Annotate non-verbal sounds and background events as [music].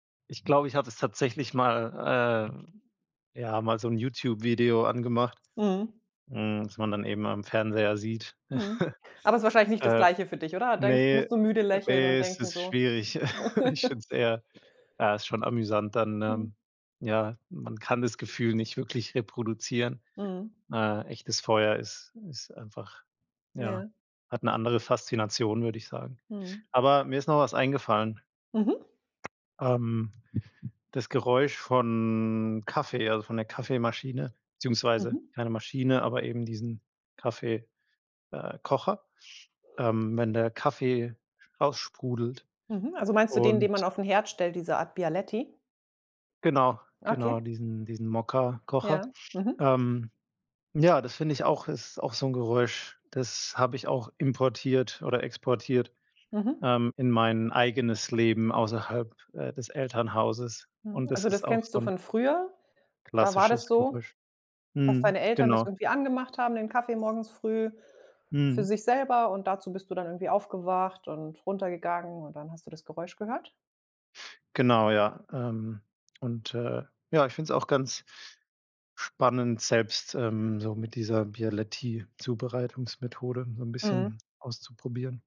Ich glaube, ich habe es tatsächlich mal, äh ja, mal so 'n Youtube-Video angemacht, Mhm. hm, was man dann eben am Fernseher sieht. Mhm. [chuckles] Aber ist wahrscheinlich nicht das Äh. Gleiche für dich, oder? Denkst Ne, musst du müde äh, lächeln ne, und es denken ist so. schwierig. [chuckles] Ich finde [chuckles] es eher ja, ist schon amüsant dann, Mhm. ne? Ja, man kann das Gefühl nicht wirklich reproduzieren. Mhm. Äh, echtes Feuer ist ist einfach ja, Ja. hat 'ne andere Faszination, würde ich sagen. Mhm. Aber mir ist noch was eingefallen. Mhm. Ähm, das Geräusch von Kaffee, also von der Kaffeemaschine, beziehungsweise Mhm. keine Maschine, aber eben diesen Kaffee äh, Kocher, ähm, wenn der Kaffee raussprudelt Mhm. Also meinst du den, den man und auf 'n Herd stellt, diese Art Bialetti? Genau, genau, Okay. diesen diesen Mokka-Kocher. Ja, mhm. Ähm. Ja, das finde ich auch, ist auch so 'n Geräusch, das habe ich auch importiert oder exportiert, Mhm. ähm, in mein eigenes Leben außerhalb, äh, des Elternhauses Mhm. und das Also das ist auch kennst du so 'n von früher. Da war klassisches das so, Geräusch. dass Mhm, deine Eltern das genau. irgendwie angemacht haben, den Kaffee morgens früh für Mhm. sich selber und dazu bist du dann irgendwie aufgewacht und runtergegangen und dann hast du das Geräusch gehört. Genau, ja, ähm. Und, äh ja, ich find 's auch ganz spannend, selbst, ähm, so mit dieser Bialetti-Zubereitungsmethode so 'n Mhm. bisschen auszuprobieren.